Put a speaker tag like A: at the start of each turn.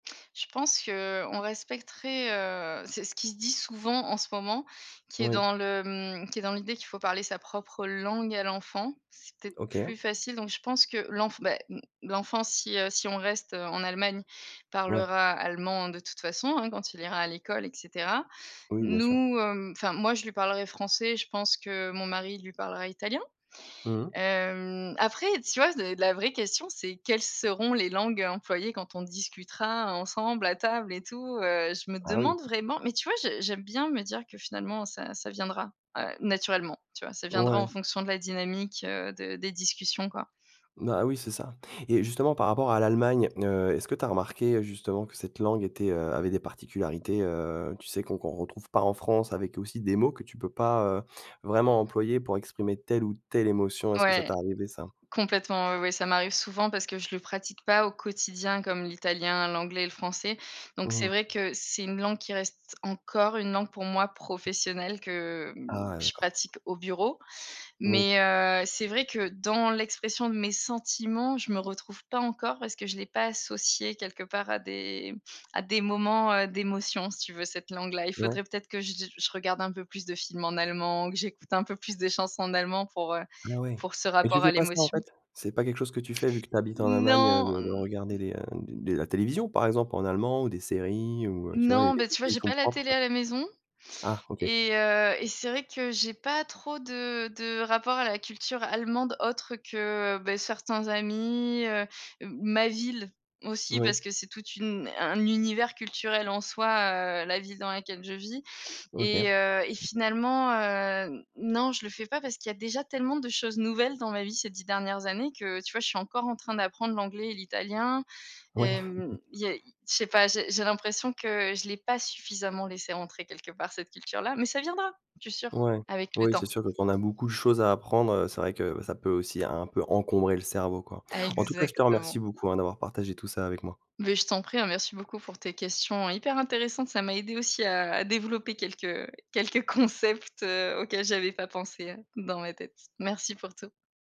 A: Je pense qu'on respecterait, heu c'est ce qui se dit souvent en ce moment, qui est
B: Oui.
A: dans le, mmh qui est dans l'idée qu'il faut parler sa propre langue à l'enfant, c'est peut-être
B: OK.
A: plus facile, donc je pense que, l'enf bah, mmh l'enfant si, heu si on reste en Allemagne,
B: Ouais.
A: parlera allemand de toute façon, hein, quand il ira à l'école et cetera.
B: Oui, bien sûr.
A: Nous, hem enfin moi je lui parlerai français, je pense que mon mari lui parlera italien.
B: Mmh mh.
A: Hem, après, tu vois de d la vraie question c'est quelles seront les langues employées quand on discutera ensemble à table et tout, heu. Je me
B: Ah, oui.
A: demande vraiment mais tu vois, j'ai j'aime bien me dire que finalement ça ça viendra, heu, naturellement, tu vois? Ça viendra en
B: Ouais.
A: fonction de la dynamique, heu, de des discussions, quoi.
B: Bah, ah oui, c'est ça. Et justement par rapport à l'Allemagne, heu, est-ce que tu as remarqué, heu, justement que cette langue était, heu avait des particularités, heu, tu sais, qu'on qu'on retrouve pas en France, avec aussi des mots que tu peux pas, heu, vraiment employer pour exprimer telle ou telle émotion, est-ce que ça
A: Ouais.
B: t'a arrivé ça?
A: Complètement, ouais, ouais, ça m'arrive souvent parce que, je le pratique pas au quotidien comme l'italien, l'anglais et le français, donc
B: Mmh
A: c'est
B: mh.
A: vrai que, c'est une langue qui reste encore une langue pour moi professionnelle, que,
B: Ah
A: mmh,
B: ouais,
A: je
B: d'accord.
A: pratique au bureau.
B: Oui.
A: Mais, heu, c'est vrai que dans l'expression de mes sentiments, je me retrouve pas encore, parce que je l'ai pas associé quelque part à des à des moments, heu, d'émotions si tu veux, cette langue-là. Il
B: Ouais.
A: faudrait peut-être que j j je regarde un peu plus de films en allemand, que j'écoute un peu plus de chansons en allemand pour, heu
B: Ah, ouais.
A: pour ce
B: Mais tu
A: rapport
B: fais
A: à
B: pas ça en
A: l'émotion.
B: fait, c'est pas quelque chose que tu fais? Vu que tu habites en Allemagne, heu, de
A: Non.
B: regarder
A: N
B: des, heu, des la télévision par exemple en allemand ou des séries, ou, heu, tu vois, des
A: Non,
B: des
A: beh,
B: trucs
A: tu vois
B: qui te
A: j'ai
B: sont
A: pas la
B: propres.
A: télé à la maison
B: Ah, OK.
A: et heu et c'est vrai que j'ai pas trop de de rapport à la culture allemande autre que, heu, beh, certains amis, heu, m ma ville aussi parce
B: Oui.
A: que c'est toute une un univers culturel en soi, heu, la ville dans laquelle je vis et
B: OK.
A: heu et finalement, heu, non je le fais pas, parce qu'il y a déjà tellement de choses nouvelles dans ma vie ces 10 dernières années que, tu vois je suis encore en train d'apprendre l'anglais et l'italien.
B: Oui.
A: Hem, il y a i je sais pas, j'ai j'ai l'impression que, je l'ai pas suffisamment laissée rentrer quelque part cette culture-là, mais ça viendra je suis sûre,
B: Ouais.
A: avec le
B: Oui, c'est
A: temps.
B: sûr que quand on a beaucoup de choses à apprendre, heu, c'est vrai que, bah, ça peut aussi un un peu encombrer le cerveau, quoi. En tout cas, je te remercie
A: Exactement.
B: beaucoup, hein, d'avoir partagé tout ça avec moi.
A: Beh, je t'en prie, hein, merci beaucoup pour tes questions hyper intéressantes. Ça m'a aidée aussi à à développer quelques quelques concepts, heu, auxquels j'avais pas pensé, heu, dans ma tête. Merci pour tout.